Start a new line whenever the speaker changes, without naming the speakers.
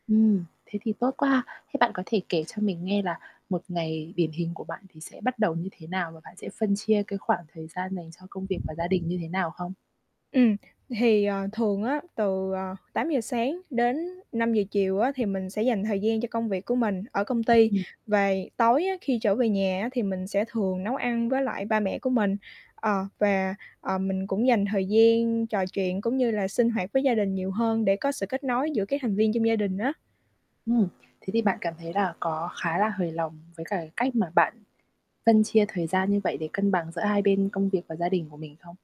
Ừm. Thế thì tốt quá. Thế bạn có thể kể cho mình nghe là một ngày điển hình của bạn thì sẽ bắt đầu như thế nào? Và bạn sẽ phân chia cái khoảng thời gian dành cho công việc và gia đình như thế nào không?
Ừm. Thì, ờ, thường á từ, ờ, 8:00 sáng đến 5:00 chiều á thì mình sẽ dành thời gian cho công việc của mình ở công ty.
Ừm.
Về tối á khi trở về nhà á thì mình sẽ thường nấu ăn với lại ba mẹ của mình, ờ, và, ờ, mình cũng dành thời gian trò chuyện, cũng như là sinh hoạt với gia đình nhiều hơn để có sự kết nối giữa các thành viên trong gia đình á.
Ừm. Thế thì bạn cảm thấy là có khá là hời lòng với cả cách mà bạn phân chia thời gian như vậy để cân bằng giữa hai bên công việc và gia đình của mình không?